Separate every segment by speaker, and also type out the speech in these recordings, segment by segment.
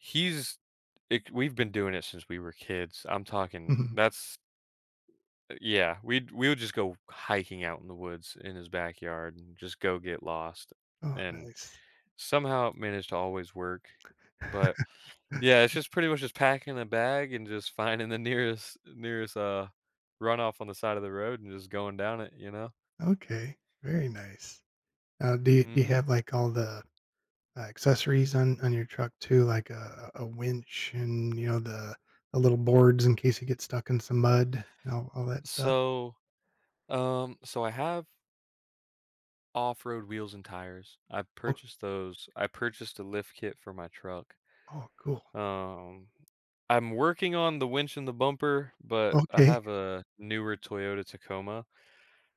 Speaker 1: He's like, we've been doing it since we were kids, I'm talking
Speaker 2: Mhm.
Speaker 1: that's uh, yeah, we'd we would just go hiking out in the woods in his backyard, and just go get lost,
Speaker 2: Oh,
Speaker 1: and
Speaker 2: nice.
Speaker 1: somehow managed to always work, but, yeah, it's
Speaker 2: Th
Speaker 1: just pretty much just packing a bag and just finding the nearest nearest, uh, runoff on the side of the road and just going down it, you know?
Speaker 2: Okay, very nice. Uh, do you do you
Speaker 1: Mhm.
Speaker 2: have, like, all the, uh, accessories on on your truck too, like a a winch and, you know, the the little boards in case you get stuck in some mud and all all that stuff?
Speaker 1: So um, so, I have off-road wheels and tires. I've
Speaker 2: Oh
Speaker 1: purchased those, I purchased a lift kit for my truck.
Speaker 2: Oh, cool.
Speaker 1: Um, I'm working on the winch and the bumper, but I
Speaker 2: Okay.
Speaker 1: have a newer Toyota Tacoma,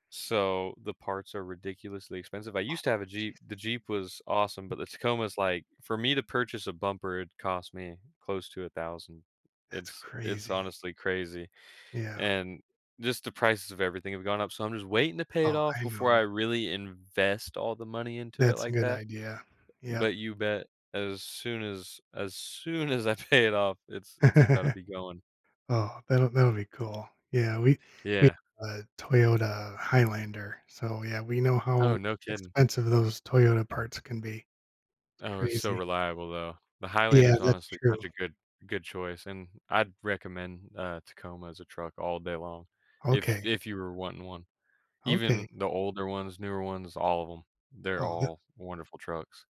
Speaker 1: so the parts are ridiculously expensive, I used to
Speaker 2: Oh,
Speaker 1: have a Jeep,
Speaker 2: jeez.
Speaker 1: the Jeep was awesome, but the Tacoma is, like for me to purchase a bumper, it cost me close to 1,000
Speaker 2: That's
Speaker 1: it's it's
Speaker 2: crazy.
Speaker 1: honestly crazy,
Speaker 2: Yeah.
Speaker 1: and just the prices of everything have gone up, so I'm just waiting to pay it
Speaker 2: Oh,
Speaker 1: off
Speaker 2: I
Speaker 1: before I
Speaker 2: know.
Speaker 1: really invest all the money into it
Speaker 2: That's a
Speaker 1: like
Speaker 2: good
Speaker 1: that,
Speaker 2: idea. Yep.
Speaker 1: but you bet as soon as as soon as I pay it off it's it's about to be going.
Speaker 2: Oh, that'll that'll be cool, yeah, we we,
Speaker 1: Yeah.
Speaker 2: uh Toyota Highlander, so, yeah, we know
Speaker 1: Oh,
Speaker 2: how
Speaker 1: no kidding.
Speaker 2: expensive those Toyota parts can be. It's
Speaker 1: Oh, it's so
Speaker 2: crazy.
Speaker 1: reliable, though. The
Speaker 2: Yeah,
Speaker 1: Highlander's
Speaker 2: that's
Speaker 1: honestly
Speaker 2: true.
Speaker 1: such a good good choice, and I'd recommend, uh, Tacoma as a truck all day long if
Speaker 2: Okay.
Speaker 1: if you were wanting one. Even
Speaker 2: Okay.
Speaker 1: the older ones, newer ones, all of 'em, they're
Speaker 2: Oh, th
Speaker 1: all wonderful trucks.